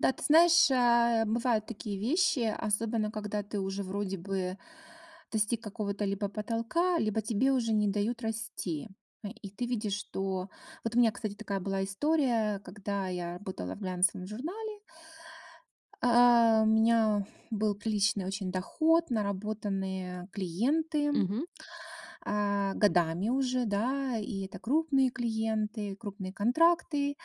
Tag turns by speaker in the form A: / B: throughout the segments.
A: Да, ты знаешь, а, бывают такие вещи, особенно когда ты уже вроде бы достиг какого-то либо потолка, либо тебе уже не дают расти. Э, и ты видишь, что Вот у меня, кстати, такая была история, когда я работала в глянцевом журнале. А, у меня был приличный очень доход, наработанные клиенты,
B: Мгм.
A: а, годами уже, да. И это крупные клиенты, крупные контракты.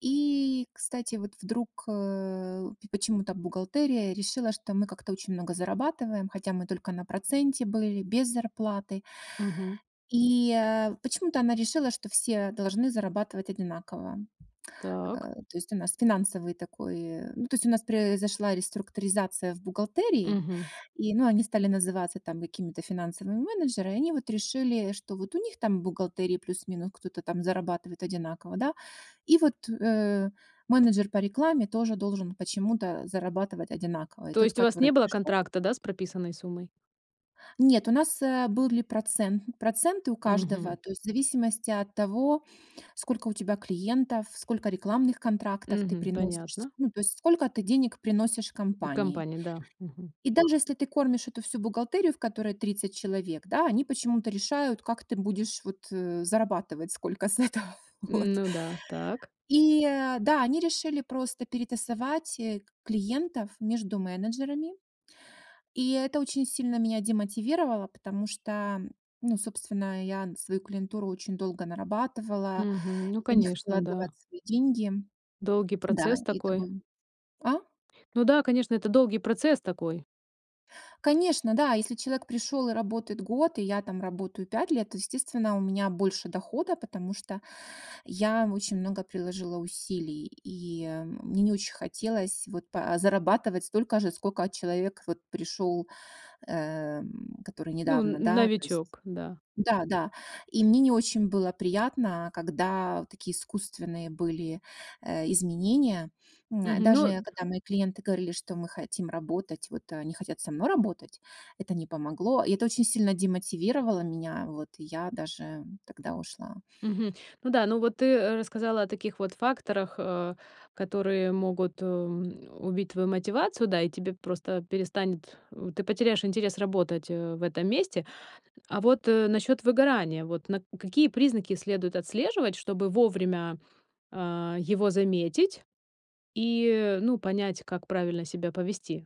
A: И, кстати, вот вдруг, э, пи почему-то бухгалтерия решила, что мы как-то очень много зарабатываем, хотя мы только на проценте были, без зарплаты.
B: Мгм.
A: И, э, почему-то она решила, что все должны зарабатывать одинаково. Э,
B: Так.
A: то есть у нас финансовый такой ну, то есть у нас произошла реструктуризация в бухгалтерии.
B: Мгм.
A: И, ну, они стали называться там какими-то финансовыми менеджеры, они вот решили, что вот у них там в бухгалтерии плюс-минус кто-то там зарабатывает одинаково, да, и вот, э, менеджер по рекламе тоже должен почему-то зарабатывать одинаково. И
B: То
A: тот,
B: есть у вас
A: который
B: не было
A: пришел
B: контракта, да, с прописанной суммой?
A: Нет, у нас, э, были процент проценты у каждого.
B: Мгм.
A: То есть, в зависимости от того, сколько у тебя клиентов, сколько рекламных контрактов ты
B: Мгм.
A: приносишь,
B: Понятно.
A: ну, то есть сколько ты денег приносишь компании.
B: Компания, да. Мгм.
A: И даже если ты кормишь эту всю бухгалтерию, в которой 30 человек, да, они почему-то решают, как ты будешь, вот, зарабатывать сколько с этого. Вот.
B: Ну да, так.
A: И э, да, они решили просто перетасовать, э, клиентов между менеджерами. И это очень сильно меня демотивировало, потому что, ну, собственно, я свою клиентуру очень долго нарабатывала,
B: Мгм. Ну,
A: я не хотела
B: конечно, да.
A: отдавать свои деньги.
B: Долгий
A: Да,
B: процесс
A: и это было
B: такой?
A: А?
B: Ну да, конечно, это долгий процесс такой.
A: Конечно, да. Если человек пришёл и работает год, и я там работаю 5 лет, то, естественно, у меня больше дохода, потому что я очень много приложила усилий. И мне не очень хотелось вот па зарабатывать столько же, сколько человек вот пришёл, э, который
B: Ну,
A: недавно,
B: н
A: да, то есть
B: новичок, да.
A: Да-да. И мне не очень было приятно, когда такие искусственные были, э, изменения. М,
B: Мгм, ну
A: даже, когда мои клиенты говорили, что: "Мы хотим работать", вот, они хотят со мной работать, это не помогло. И это очень сильно демотивировало меня. Вот, и я даже тогда ушла.
B: Мгм. Ну да, ну, вот ты рассказала о таких вот факторах, э, которые могут, м, убить твою мотивацию, да, и тебе просто перестанет э, ты потеряешь интерес работать, э, в этом месте. А вот, э, насчёт выгорания, вот на какие признаки следует отслеживать, чтобы вовремя, а, его заметить и, ну, понять, как правильно себя повести?